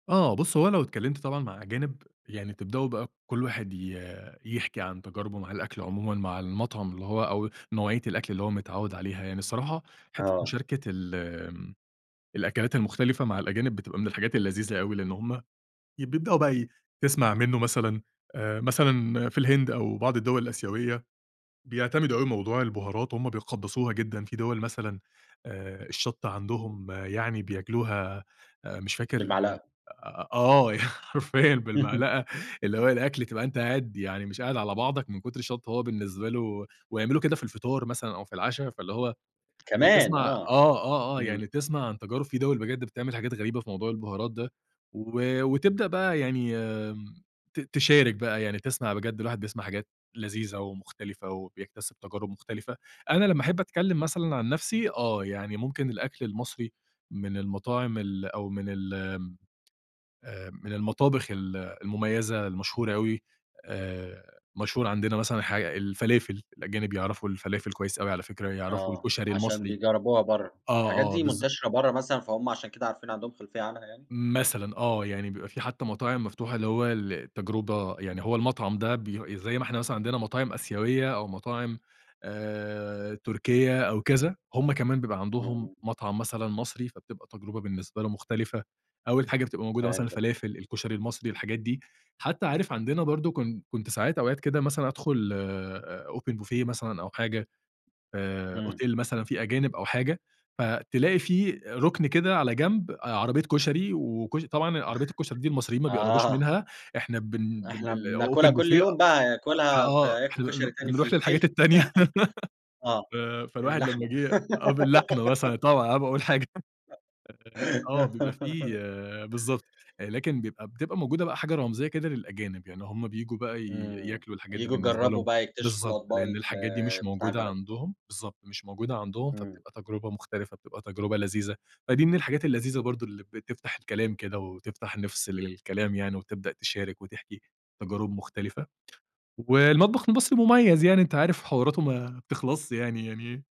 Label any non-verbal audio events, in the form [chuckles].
آه بُص هو لو اتكلمْت طبعًا مع أجانب يعني تبدأوا بقى كل واحد ي يحْكِي عن تجاربه مع الأكل عمومًا مع المطعم اللي هو أو نوعية الأكل اللي هو متعوّد عليها. يعني الصراحة حتة آه. مشاركة ال آمم الأكلات المختلفة مع الأجانب بتبقى من الحاجات اللذيذة أوي لإن هم ي بيبدأوا بقى تسْمَع منه مثلًا آآ، مثلًا في الهند أو بعض الدول الآسيوية بيعتمدوا أوي موضوع البهارات، هم بيقدسوها جدًا. في دِوَل مثلًا آآ، الشطة عندهم يعني بياكلوها آآ مش فاكر بالمعلَقة. آه، ي حرفيًا أهم. بالمعلقة، اللي هو الأكل تبقى أنت قاعد يعني مش قاعد على بعضك من كُتر الشطة وهو بالنسبة له ويعملوا كده في الفطار مثلًا أو في العشا، فاللي هو كمان بتسْمَع آه، آه، آه، آه، إمم. يعني تسْمَع عن تجارب في دِوَل بجد بتعمل حاجات غريبة في موضوع البهارات ده و وتبدأ بقى يعني آمم، ت تِشارِك بقى يعني تسْمَع بجد، الواحد بيسْمَع حاجات لذيذة ومختلفة وبيكتسب تجارب مختلفة. أنا لمّا أحب أتكلم مثلًا عن نفسي آه، يعني ممكن الأكل المصري من المطاعم ال أو من ال [clicks tongue] آآ، من المطابخ ال المميزة المشهورة أوي آآ، مشهور عندنا مثلًا حاج الفلافل، الأجانب بيعرَفوا الفلافل كويس أوي على فكرة، يعرَفوا آه، الكشري عشان المصري. بيجربوها برّا. آه، الحاجات آه، دي بالض منتشرة برّا مثلًا فهم عشان كده عارفينها، عندهم خلفية عنها يعني؟ مثلًا آه، يعني بيبقى في حتى مطاعم مفتوحة اللي هو للتجربة يعني هو المطعم ده بي زي ما إحنا مثلًا عندنا مطاعم آسيوية أو مطاعم آآ، تركية أو كذا، هم كمان بيبقى عندهم إمم. مطعم مثلًا مصري، فبتبقى تجربة بالنسبة له مختلفة. أول حاجة بتبقى موجودة مثلًا فهمتك. الفلافل، الكشري المصري، الحاجات دي. حتى عارف عندنا برضه كن كنت ساعات أوقات كده مثلًا أدْخُل آآ، أوبن بوفيه مثلًا أو حاجة، آآ، إمم. أوتيل مثلًا في أجانب أو حاجة، فتلاقي في رُكن كده على جنب عربيّة كشري وكشر طبعًا عربية الكشري دي [chuckles] المصريين ما بيقربوش آه. منها، إحنا بن بال إحنا بناكلها الأوبن كُلّ بوفيه يوم بقى هياكُلها في فآه، هياكُلوا إحنا كشري بن تاني في بنرُوح للحاجات الأوتيل [chuckles] التانية. [laughs] آه، ف فالواحد لمّا اللحمة. جه آه، باللحمة مثلًا طبعًا قبل ما اقول حاجة آه، بيبقى في [giggles] بالضبط، لكن بيبقى بتبقى موجودة بقى حاجة رمزية كده للأجانب، يعني هم بييجوا بقى ي إمم، ياكلوا الحاجات دي ييجوا بالنسبة يجربوا لهم بقى يكتشفوا بالضبط، الأطباق لإن ال الحاجات دي مش بتاع موجودة البلد. عندهم، بالضبط، مش موجودة عندهم، إمم. فبتبقى تجربة مختلفة، بتبقى تجربة لذيذة. فدي من الحاجات اللذيذة برضه اللي بتفْتَح الكلام كده وتفْتَح نِفس للكلام يعني وتبدأ تشارِك وتحْكِي تجارب مختلفة. والمطبخ المصري مميز يعني أنت عارف حواراته ما بتخلصش يعني يعني